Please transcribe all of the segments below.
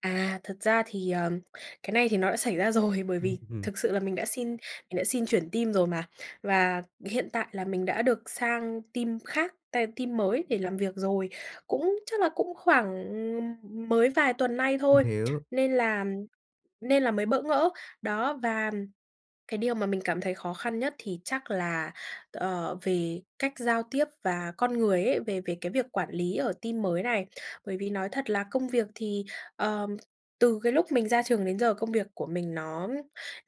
À, thật ra thì, ờ, cái này thì nó đã xảy ra rồi. Bởi Ưm vì hừm. thực sự là mình đã xin mình đã xin chuyển team rồi mà, và hiện tại là mình đã được sang team khác, tai team mới để làm việc rồi, cũng chắc là cũng khoảng mới vài tuần nay M thôi hiểu. nên là nên là mới bỡ ngỡ. Đó, và cái điều mà mình cảm thấy khó khăn nhất thì chắc là t ờ, về cách giao tiếp và con người ấy, về về cái việc quản lý ở team mới này. Bởi vì nói thật là công việc thì, ờm, từ cái lúc mình ra trường đến giờ công việc của mình nó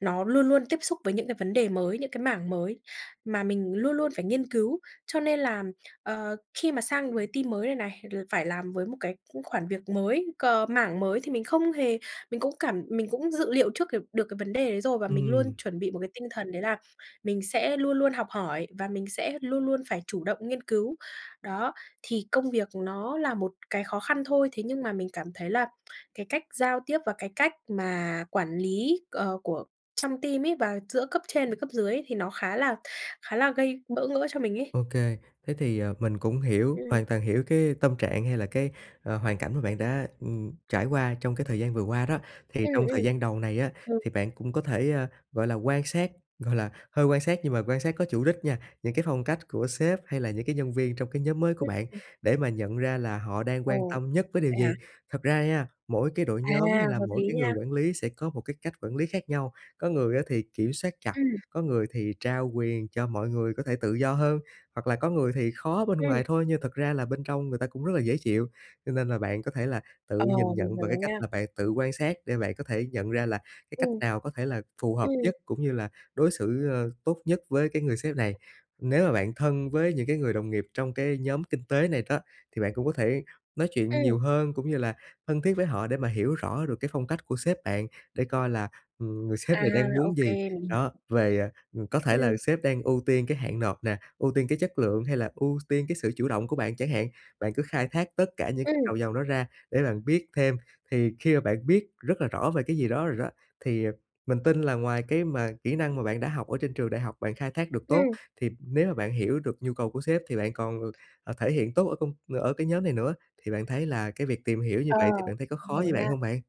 nó luôn luôn tiếp xúc với những cái vấn đề mới, những cái mảng mới mà mình luôn luôn phải nghiên cứu, cho nên là, ờ, khi mà sang với team mới này này l phải làm với một cái cũng khoản việc mới, cờ mảng mới thì mình không hề mình cũng cảm mình cũng dự liệu trước cái được cái vấn đề đấy rồi và mình luôn Ừm. chuẩn bị một cái tinh thần đấy là mình sẽ luôn luôn học hỏi và mình sẽ luôn luôn phải chủ động nghiên cứu. Đó, thì công việc nó là một cái khó khăn thôi, thế nhưng mà mình cảm thấy là cái cách giao tiếp và cái cách mà quản lý, ờ, của trong team ấy và giữa cấp trên với cấp dưới thì nó khá là khá là gây bỡ ngỡ cho mình ấy. Ô kê, thế thì, ờ, mình cũng hiểu, Ừm. hoàn toàn hiểu cái tâm trạng hay là cái, à, hoàn cảnh mà bạn đã, ừm, trải qua trong cái thời gian vừa qua đó. Thì Ừm, trong ừm. thời gian đầu này á, Ừ. thì bạn cũng có thể, gọi là, quan sát, gọi là, hơi quan sát nhưng mà quan sát có chủ đích nha, những cái phong cách của sếp hay là những cái nhân viên trong cái nhóm mới của bạn Ừm. để mà nhận ra là họ đang Ờ, quan tâm nhất với điều vậy hả? gì. Thật ra nha, mỗi cái đội À, nhóm hay là hợp mỗi lý cái người nha. quản lý sẽ có một cái cách quản lý khác nhau. Có người á thì kiểm soát chặt, Ừm. có người thì trao quyền cho mọi người có thể tự do hơn, hoặc là có người thì khó bên Ừm. ngoài thôi nhưng thật ra là bên trong người ta cũng rất là dễ chịu. Cho nên là bạn có thể là tự Ờ, nhìn mình nhận hiểu bằng cái rồi cách nha. là bạn tự quan sát để bạn có thể nhận ra là cái cách Ừm. nào có thể là phù hợp Ừm. nhất cũng như là đối xử tốt nhất với cái người sếp này. Nếu mà bạn thân với những cái người đồng nghiệp trong cái nhóm kinh tế này đó, thì bạn cũng có thể nói chuyện Ừm. nhiều hơn cũng như là thân thiết với họ để mà hiểu rõ được cái phong cách của sếp bạn để coi là, ừm, người sếp À, này đang ô muốn gì, kê, mình hiểu. đó, về ừm, có thể là Ừm. sếp đang ưu tiên cái hạn nộp nè, ưu tiên cái chất lượng hay là ưu tiên cái sự chủ động của bạn chẳng hạn. Bạn cứ khai thác tất cả những gạch Ừm. đầu dòng đó ra để bạn biết thêm. Thì khi mà bạn biết rất là rõ về cái gì đó rồi đó, thì mình tin là ngoài cái mà kỹ năng mà bạn đã học ở trên trường đại học bạn khai thác được tốt, Ừm. thì nếu mà bạn hiểu được nhu cầu của sếp thì bạn còn, ờ, thể hiện tốt ở công ở cái nhóm này nữa. Thì bạn thấy là cái việc tìm hiểu như Ờ, vậy thì bạn thấy có khó với bạn hiểu hông nha. bạn?